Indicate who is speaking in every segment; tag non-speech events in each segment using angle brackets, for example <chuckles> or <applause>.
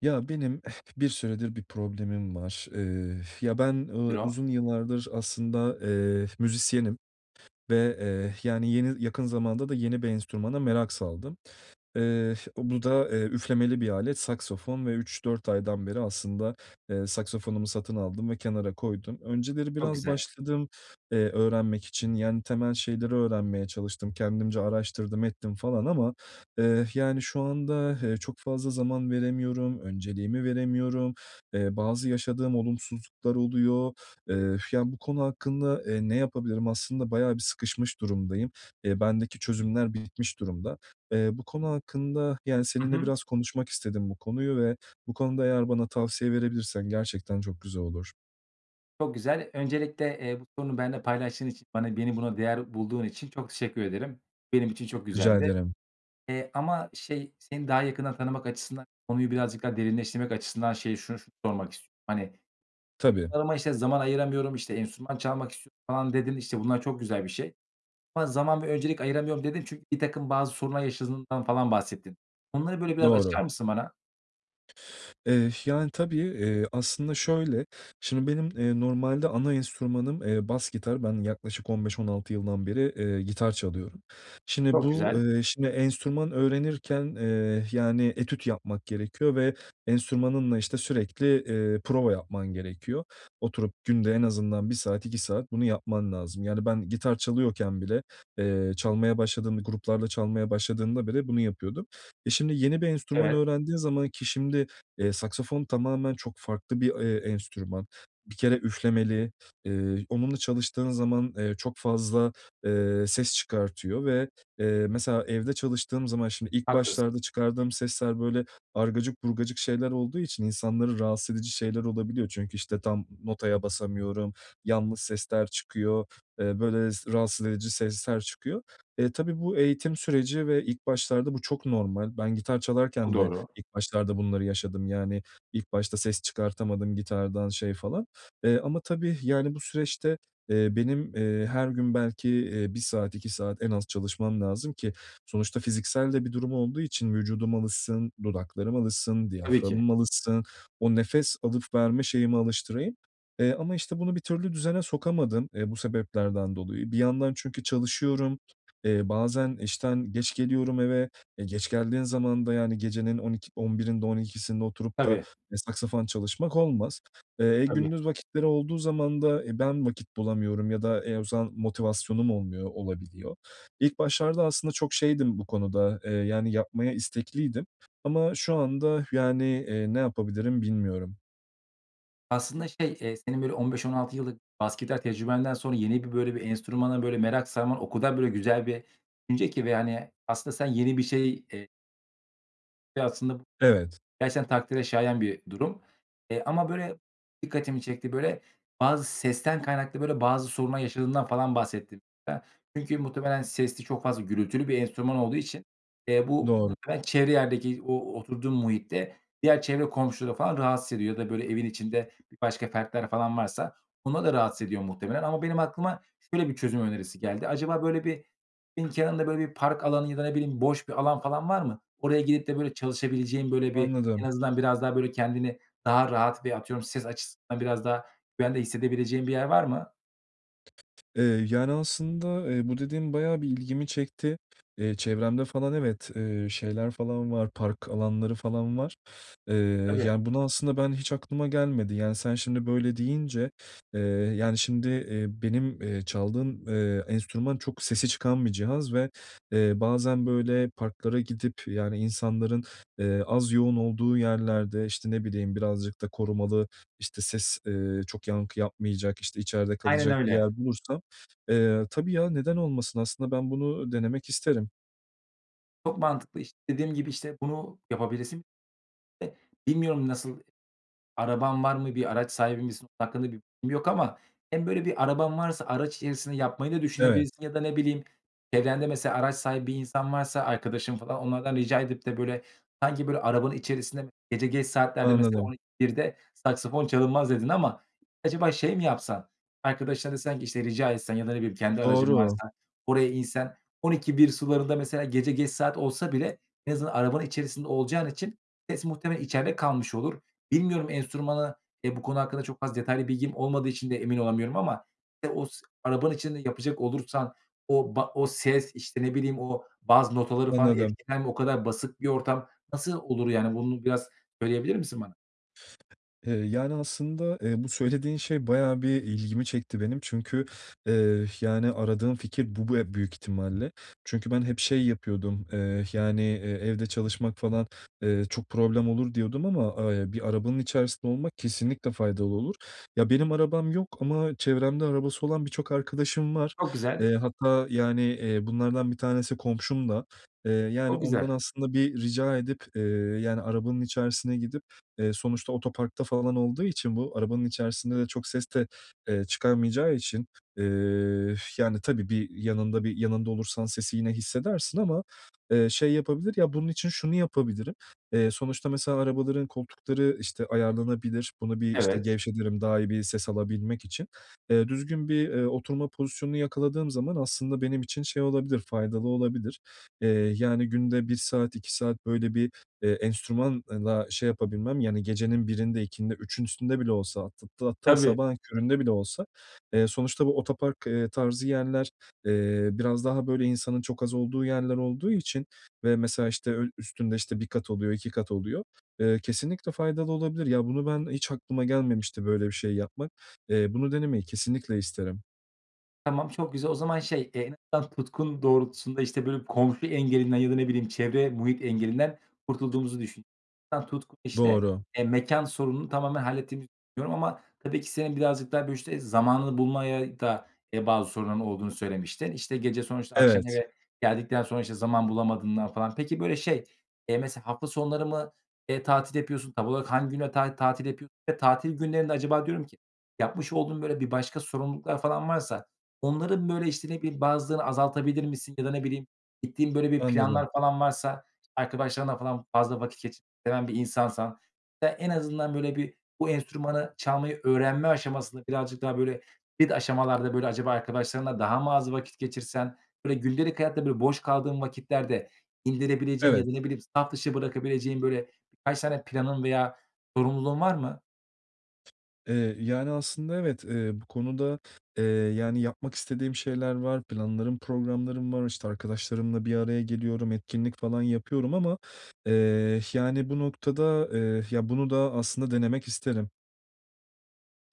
Speaker 1: Ya, benim bir süredir bir problemim var. Eee, ya, ben, eee,
Speaker 2: <unintelligible>
Speaker 1: uzun yıllardır aslında, eee, müzisyenim ve, eee, yani, yeni, yakın zamanda da yeni bir enstrümana merak saldım. Eee, bu da, eee, üflemeli bir alet, saksafon ve 3-4 aydan beri aslında, eee, saksafonumu satın aldım ve kenara koydum. Önceleri
Speaker 2: Çok
Speaker 1: biraz
Speaker 2: güzel.
Speaker 1: başladım, eee, öğrenmek için, yani temel şeyleri öğrenmeye çalıştım. Kendimce araştırdım, ettim falan ama, eee, yani, şu anda, eee, çok fazla zaman veremiyorum. Önceliğimi veremiyorum. Eee, bazı yaşadığım olumsuzluklar oluyor. Eee, yani, bu konu hakkında, eee, ne yapabilirim? Aslında bayağı bir sıkışmış durumdayım. Eee, bendeki çözümler bitmiş durumda. Eee, bu konu hakkında, yani,
Speaker 2: Hı
Speaker 1: seninle
Speaker 2: hı.
Speaker 1: biraz konuşmak istedim bu konuyu ve bu konuda eğer bana tavsiye verebilirsen gerçekten çok güzel olur.
Speaker 2: Çok güzel. Öncelikle, eee, bu sorunu benimle paylaştığın için, bana beni buna değer bulduğun için çok teşekkür ederim. Benim için çok
Speaker 1: Rica
Speaker 2: güzeldi,
Speaker 1: ederim.
Speaker 2: eee, ama şey, seni daha yakından tanımak açısından, konuyu birazcık daha derinleştirmek açısından şeye şunu sormak istiyorum: Hani,
Speaker 1: Tabii.
Speaker 2: <unintelligible> işte, "Zaman ayıramıyorum." işte, "Enstrüman çalmak istiyorum." falan dedin, işte, bunlar çok güzel bir şey ama "Zaman ve öncelik ayıramıyorum." dedin çünkü birtakım bazı sorunlar yaşadığından falan bahsettin. Onları, böyle, biraz açar
Speaker 1: Doğru.
Speaker 2: mısın bana?
Speaker 1: Eh, yani tabii, eee, aslında şöyle, şimdi benim, eee, normalde ana enstrümanım, eee, bas gitar. Ben yaklaşık 15-16 yıldan beri, eee, gitar çalıyorum. Şimdi
Speaker 2: Çok
Speaker 1: bu,
Speaker 2: güzel.
Speaker 1: eee, şimdi enstrüman öğrenirken, eee, yani, etüt yapmak gerekiyor ve enstrümanınla, işte, sürekli, eee, prova yapman gerekiyor. Oturup günde en azından 1 saat, 2 saat bunu yapman lazım; yani ben gitar çalıyorken bile, eee, çalmaya başladığım b gruplarla çalmaya başladığımda bile bunu yapıyordum. E, şimdi yeni bir enstrüman
Speaker 2: Evet.
Speaker 1: öğrendiğin zaman ki şimdi, eee, saksafon tamamen çok farklı bir, eee, enstrüman. Bir kere üflemeli, eee, onunla çalıştığın zaman, eee, çok fazla, eee, ses çıkartıyor ve, eee, mesela, evde çalıştığım zaman şimdi ilk
Speaker 2: Haklısın.
Speaker 1: başlarda çıkardığım sesler böyle argacık burgacık şeyler olduğu için insanları rahatsız edici şeyler olabiliyor. Çünkü, işte, tam notaya basamıyorum, yanlış sesler çıkıyor, eee, böyle s rahatsız edici sesler çıkıyor. Eee, tabii bu eğitim süreci ve ilk başlarda bu çok normal. Ben gitar çalarken de
Speaker 2: Doğru.
Speaker 1: ilk başlarda bunları yaşadım; yani ilk başta ses çıkartamadım gitardan şey falan, eee, ama tabii, yani, bu süreçte, eee, benim, eee, her gün belki, eee, 1 saat, 2 saat en az çalışmam lazım ki sonuçta fiziksel de bir durum olduğu için vücudum alışsın, dudaklarım alışsın,
Speaker 2: Tabii ki.
Speaker 1: diyaframım alışsın, o nefes alıp verme şeyimi alıştırayım. Eee, ama işte bunu bir türlü düzene sokamadım, eee, bu sebeplerden dolayı. Bir yandan çünkü çalışıyorum. Eee, bazen işten geç geliyorum eve. E, geç geldiğin zaman da, yani, gecenin on ik on birinde on ikisinde oturup da,
Speaker 2: Tabii.
Speaker 1: e, saksafon çalışmak olmaz. Eee,
Speaker 2: Tabii.
Speaker 1: gündüz vakitleri olduğu zaman da, e, ben vakit bulamıyorum ya da, e, o zaman motivasyonum olmuyor, olabiliyor. İlk başlarda aslında çok şeydim bu konuda, eee, yani yapmaya istekliydim ama şu anda, yani, eee, ne yapabilirim bilmiyorum.
Speaker 2: Aslında şey, eee, senin böyle 15-16 yıllık bas gitar tecrübenden sonra yeni bir, böyle, bir enstrümana böyle merak sarman o kadar böyle güzel bir üce ki ve, hani, aslında sen yeni bir şey eee ve aslında bu
Speaker 1: Evet.
Speaker 2: gerçekten takdire şayan bir durum. Eee, ama, böyle, dikkatimi çekti böyle bazı sesten kaynaklı, böyle, bazı sorunlar yaşadığından falan bahsettin. <unintelligible> çünkü muhtemelen sesli, çok fazla gürültülü bir enstrüman olduğu için, eee, bu
Speaker 1: Doğru.
Speaker 2: bu <unintelligible> çevre yerdeki o oturduğun muhitte diğer çevre komşuları falan rahatsız ediyor ya da, böyle, evin içinde başka fertler falan varsa onları da rahatsız ediyor muhtemelen ama benim aklıma şöyle bir çözüm önerisi geldi. Acaba böyle bir nin kenarında böyle bir park alanı ya da, ne bileyim, boş bir alan falan var mı? Oraya gidip de, böyle, çalışabileceğin, böyle, bir en
Speaker 1: Anladım.
Speaker 2: azından biraz daha böyle kendini daha rahat bir, atıyorum, ses açısından biraz daha güvende hissedebileceğin bir yer var mı?
Speaker 1: Eee, yani aslında, eee, bu dediğin bayağı bir ilgimi çekti. Eee, çevremde falan evet, eee, şeyler falan var, park alanları falan var. Eee,
Speaker 2: Tabii.
Speaker 1: yani bunu aslında ben hiç aklıma gelmedi. Yani, sen şimdi böyle deyince, eee, yani şimdi, eee, benim, eee, çaldığım, eee, enstrüman çok sesi çıkan bir cihaz ve, eee, bazen, böyle, parklara gidip yani insanların, eee, az yoğun olduğu yerlerde, işte, ne bileyim, birazcık da korumalı, işte, ses, eee, çok yankı yapmayacak, işte, içeride
Speaker 2: Aynen
Speaker 1: kalacak bir
Speaker 2: öyle.
Speaker 1: yer bulursam, eee, tabii ya, neden olmasın? Aslında ben bunu denemek isterim.
Speaker 2: Çok mantıklı, işte, dediğim gibi, işte, bunu yapabilirsin. <unintelligible> bilmiyorum, nasıl, araban var mı, bir araç sahibi misin, hakkında bir bilgim yok ama hem, böyle, bir araban varsa araç içerisinde yapmayı da
Speaker 1: Evet.
Speaker 2: düşünebilirsin ya da, ne bileyim, çevrende, mesela, araç sahibi bir insan varsa, arkadaşın falan, onlardan rica edip de, böyle, sanki, böyle, arabanın içerisinde gece geç saatlerde mesela,
Speaker 1: Anladım.
Speaker 2: "12-1’de saksafon çalınmaz." dedin ama acaba şey mi yapsan? Arkadaşına desen ki, işte, rica etsen ya da, ne bileyim, kendi aracın
Speaker 1: Doğru.
Speaker 2: varsa oraya insen, 12-1 sularında mesela, gece geç saat olsa bile en azından arabanın içerisinde olacağın için ses muhtemelen içeride kalmış olur. Bilmiyorum, enstrümanı, eee, bu konu hakkında çok az detaylı bilgim olmadığı için de emin olamıyorum ama, eee, os arabanın içinde yapacak olursan o ba o ses, işte, ne bileyim, o bazı notaları falan
Speaker 1: Anladım.
Speaker 2: etkiler mi, o kadar basık bir ortam nasıl olur? Yani, bunu biraz söyleyebilir misin bana?
Speaker 1: Eee, yani, aslında, eee, bu söylediğin şey bayağı bir ilgimi çekti benim. Çünkü, eh, yani, aradığım fikir bu be büyük ihtimalle. Çünkü ben hep, şey, yapıyordum, eh, yani, eee, evde çalışmak falan, eee, çok problem olur diyordum ama, eee, ya, bir arabanın içerisinde olmak kesinlikle faydalı olur. Ya, benim arabam yok ama çevremde arabası olan birçok arkadaşım var.
Speaker 2: Çok güzel.
Speaker 1: Eee, hatta, yani, eee, bunlardan bir tanesi komşum da. Eee, yani,
Speaker 2: Çok
Speaker 1: ondan
Speaker 2: güzel.
Speaker 1: aslında bir rica edip, eee, yani, arabanın içerisine gidip, eee, sonuçta otoparkta falan olduğu için bu arabanın içerisinde de çok ses de, eee, çıkarmayacağı için, eee, yani, tabii bir yanında bir yanında olursan sesi yine hissedersin ama, eee, şey yapabilir. Ya, bunun için şunu yapabilirim. Eee, sonuçta, mesela, arabaların koltukları, işte, ayarlanabilir. Bunu bir, işte,
Speaker 2: Evet.
Speaker 1: gevşetirim daha iyi bir ses alabilmek için. Eee, düzgün bir, eee, oturma pozisyonunu yakaladığım zaman aslında benim için, şey, olabilir, faydalı olabilir. Eee, yani, günde 1 saat, 2 saat böyle bir, eee, enstrümanla şey yapabilmem, yani, gecenin 1’inde 2’sinde 3’ün üstünde bile olsa <unintelligible> hatta
Speaker 2: Tabii.
Speaker 1: sabahın köründe bile olsa, eee, sonuçta bu otopark, eee, tarzı yerler, eee, biraz daha, böyle, insanın çok az olduğu yerler olduğu için ve mesela, işte, öyl üstünde, işte, 1 kat oluyor, 2 kat oluyor. Eee, kesinlikle faydalı olabilir. Ya, bunu ben hiç aklıma gelmemişti böyle bir şey yapmak. Eee, bunu denemeyi kesinlikle isterim.
Speaker 2: Tamam, çok güzel. O zaman şey, eee, <unintelligible> tutkun doğrultusunda, işte, böyle, komşu engelinden ya da, ne bileyim, çevre, muhit engelinden kurtulduğumuzu düşün <unintelligible> Tutkun, işte,
Speaker 1: Doğru.
Speaker 2: eee, mekân sorununu tamamen hallettiğimizi düşünüyorum. Ama tabii ki senin birazcık daha, böyle, işte, zamanını bulmaya da, eee, bazı sorunların olduğunu söylemiştin. İşte, gece sonuçta akşam
Speaker 1: Evet.
Speaker 2: eve geldikten sonra, işte, zaman bulamadığından falan. Peki, böyle, şey, eee, mesela hafta sonları mı, eee, tatil yapıyorsun? Tam olarak hangi günler tati tatil yapıyorsun? Ve tatil günlerinde acaba diyorum ki, yapmış olduğun, böyle, bir başka sorumluluklar falan varsa onların, böyle, işte, ne bileyim, bazılarını azaltabilir misin? Ya da, ne bileyim, gittiğin, böyle, bir
Speaker 1: Anladım.
Speaker 2: planlar falan varsa, işte, arkadaşlarınla falan fazla vakit geçirmeyi seven bir insansan ya da en azından, böyle bir bu enstrümanı çalmayı öğrenme aşamasında birazcık daha, böyle, ilk aşamalarda böyle acaba arkadaşlarınla daha mı az vakit geçirsen? Böyle, gündelik hayatta, böyle, boş kaldığın vakitlerde indirebileceğin ya
Speaker 1: Evet.
Speaker 2: da, ne bileyim, saf dışı bırakabileceğin, böyle, birkaç tane planın veya sorumluluğun var mı?
Speaker 1: Eee, yani, aslında evet, eee, bu konuda, eee, yani, yapmak istediğim şeyler var. Planlarım, programlarım var. İşte, arkadaşlarımla bir araya geliyorum. Etkinlik falan yapıyorum ama, eee, yani, bu noktada, eee, ya, bunu da aslında denemek isterim.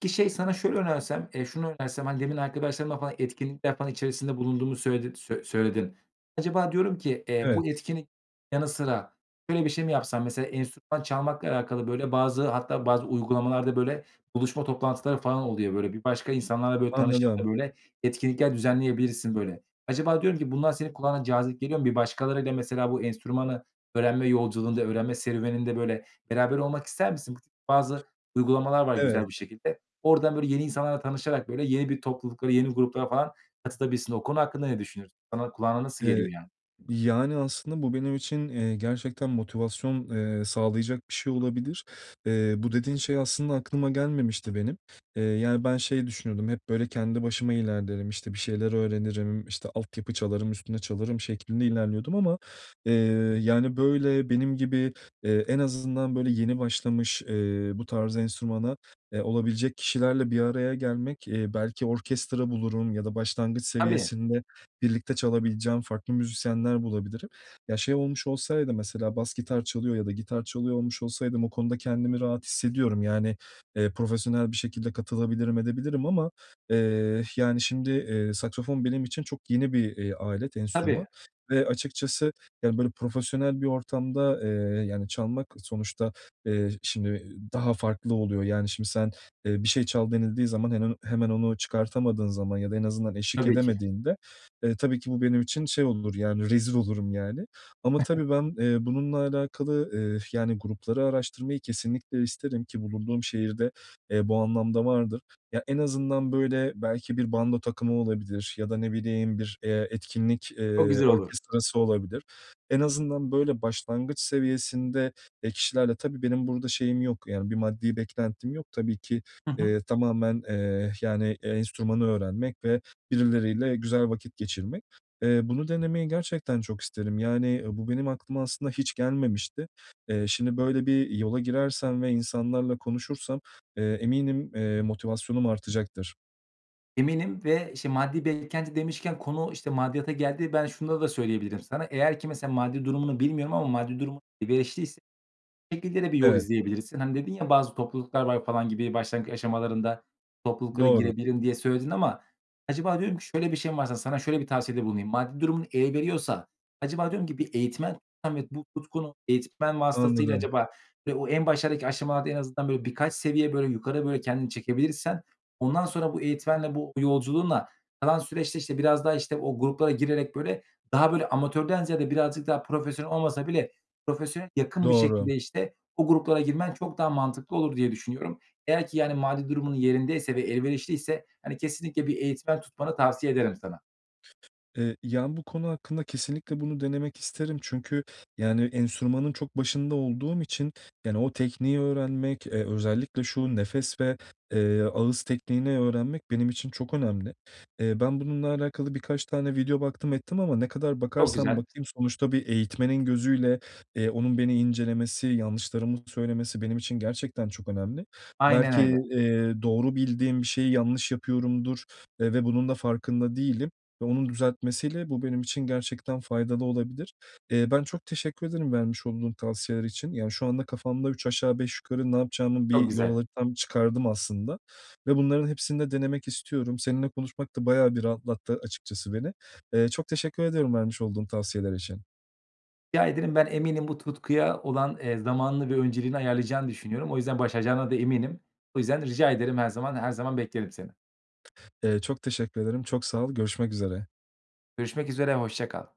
Speaker 2: Peki, şey, sana şöyle önersem, eee, şunu önersem: Hani, demin arkadaşlarından falan, etkinlikler falan içerisinde bulunduğunu söyledin söyle söyledin. Acaba diyorum ki, eee,
Speaker 1: Evet.
Speaker 2: bu etkinlik yanı sıra şöyle bir şey mi yapsan? Mesela enstrüman çalmakla alakalı, böyle, bazı hatta bazı uygulamalarda, böyle, buluşma toplantıları falan oluyor. Böyle, bir başka insanlarla, böyle, tanışıp da,
Speaker 1: Anladım.
Speaker 2: böyle, etkinlikler düzenleyebilirsin, böyle. Acaba diyorum ki, bunlar senin kulağına cazip geliyor mu? Bir başkalarıyla mesela bu enstrümanı öğrenme yolculuğunda, öğrenme serüveninde, böyle, beraber olmak ister misin? Bazı uygulamalar var güzel bir
Speaker 1: Evet.
Speaker 2: şekilde. Oradan, böyle, yeni insanlarla tanışarak, böyle, yeni bir topluluklara, yeni gruplara falan katılabilirsin. O konu hakkında ne düşünüyorsun? Sana, kulağına nasıl
Speaker 1: Eee,
Speaker 2: geliyor yani?
Speaker 1: yani, aslında bu benim için, eee, gerçekten motivasyon, eee, sağlayacak bir şey olabilir. Eee, bu dediğin şey aslında aklıma gelmemişti benim, eee, yani, ben şey düşünüyordum: Hep böyle kendi başıma ilerlerim, işte, bir şeyler öğrenirim, işte, altyapı çalarım, üstüne çalarım şeklinde ilerliyordum ama, eee, yani, böyle, benim gibi, eee, en azından, böyle, yeni başlamış, eee, bu tarz enstrümana, eee, olabilecek kişilerle bir araya gelmek, eee, belki orkestra bulurum ya da başlangıç
Speaker 2: Tabii.
Speaker 1: seviyesinde birlikte çalabileceğim farklı müzisyenler bulabilirim. Ya, şey olmuş olsaydı mesela bas gitar çalıyor ya da gitar çalıyor olmuş olsaydım o konuda kendimi rahat hissediyorum. Yani, eee, profesyonel bir şekilde katılabilirim, edebilirim ama, eee, yani, şimdi, eee, saksafon benim için çok yeni bir, eee, alet, enstrüman
Speaker 2: Tabii.
Speaker 1: ve açıkçası, yani, böyle, profesyonel bir ortamda, eee, yani, çalmak sonuçta, eee, şimdi daha farklı oluyor. Yani, şimdi sen, eee, "Bir şey çal." denildiği zaman hemen o hemen onu çıkartamadığın zaman ya da en azından eşlik
Speaker 2: Tabii ki.
Speaker 1: edemediğinde, eee, tabii ki bu benim için şey olur, yani, rezil olurum yani. Ama
Speaker 2: <chuckles>
Speaker 1: tabii ben, eee, bununla alakalı, eee, yani, grupları araştırmayı kesinlikle isterim ki bulunduğum şehirde, eee, bu anlamda vardır. Ya, en azından, böyle, belki bir bando takımı olabilir ya da ne bileyim, bir, eee, etkinlik,
Speaker 2: Çok
Speaker 1: eee,
Speaker 2: güzel olur.
Speaker 1: orkestrası olabilir. En azından, böyle, başlangıç seviyesinde, eee, kişilerle Tabii benim burada şeyim yok, yani, bir maddi beklentim yok tabii ki,
Speaker 2: Hı hı.
Speaker 1: eee, tamamen, eee, yani, enstrümanı öğrenmek ve birileriyle güzel vakit geçirmek. Eee, bunu denemeyi gerçekten çok isterim. Yani, bu benim aklıma aslında hiç gelmemişti. Eee, şimdi böyle bir yola girersem ve insanlarla konuşursam, eee, eminim, eee, motivasyonum artacaktır.
Speaker 2: Eminim ve, işte, maddi beklenti demişken konu, işte, maddiyata geldi. Ben şunları da söyleyebilirim sana. Eğer ki, mesela, maddi durumunu bilmiyorum ama maddi durumun elverişli ise şu şekilde de bir yol
Speaker 1: Evet.
Speaker 2: izleyebilirsin. Hani, dedin ya bazı topluluklar var falan gibi, başlangıç aşamalarında topluluklara
Speaker 1: Doğru.
Speaker 2: girebilirim diye söyledin ama acaba diyorum ki şöyle bir şey mi varsa, sana şöyle bir tavsiyede bulunayım. Maddi durumun el veriyorsa, acaba diyorum ki bir eğitmen <unintelligible> bu tutkunu eğitmen vasıtasıyla
Speaker 1: Anladım.
Speaker 2: acaba ve o en başlardaki aşamalarda en azından, böyle, birkaç seviye, böyle, yukarı, böyle, kendini çekebilirsen, ondan sonra bu eğitmenle, bu yolculuğunla kalan süreçte, işte, biraz daha, işte, o gruplara girerek, böyle, daha böyle amatörden ziyade birazcık daha profesyonel olmasa bile profesyonele yakın bir
Speaker 1: Doğru.
Speaker 2: şekilde, işte, o gruplara girmen çok daha mantıklı olur diye düşünüyorum. Eğer ki, yani, mali durumun yerindeyse ve elverişliyse, hani, kesinlikle bir eğitmen tutmanı tavsiye ederim sana.
Speaker 1: Eee, yani, bu konu hakkında kesinlikle bunu denemek isterim çünkü, yani, enstrümanın çok başında olduğum için, yani, o tekniği öğrenmek, eee, özellikle şu nefes ve, eee, ağız tekniğini öğrenmek benim için çok önemli. Eee, ben bununla alakalı birkaç tane video baktım ettim ama ne kadar
Speaker 2: Çok
Speaker 1: bakarsam
Speaker 2: güzel.
Speaker 1: bakayım sonuçta bir eğitmenin gözüyle, eee, onun beni incelemesi, yanlışlarımı söylemesi benim için gerçekten çok önemli.
Speaker 2: Aynen
Speaker 1: Belki,
Speaker 2: öyle.
Speaker 1: eee, doğru bildiğim bir şeyi yanlış yapıyorumdur, eee, ve bunun da farkında değilim ve onun düzeltmesiyle bu benim için gerçekten faydalı olabilir. Eee, ben çok teşekkür ederim vermiş olduğun tavsiyeler için. Yani, şu anda kafamda üç aşağı beş yukarı ne yapacağımı,
Speaker 2: Çok
Speaker 1: bir yol
Speaker 2: güzel.
Speaker 1: haritamı çıkardım aslında ve bunların hepsini de denemek istiyorum. Seninle konuşmak da bayağı bir rahatlattı açıkçası beni. Eee, çok teşekkür ederim vermiş olduğun tavsiyeler için.
Speaker 2: Rica ederim. Ben eminim bu tutkuya olan, eee, zamanını ve önceliğini ayarlayacağını düşünüyorum. O yüzden başaracağına da eminim. O yüzden rica ederim. Her zaman her zaman beklerim seni.
Speaker 1: Eee, çok teşekkür ederim, çok sağ ol. Görüşmek üzere.
Speaker 2: Görüşmek üzere, hoşça kal.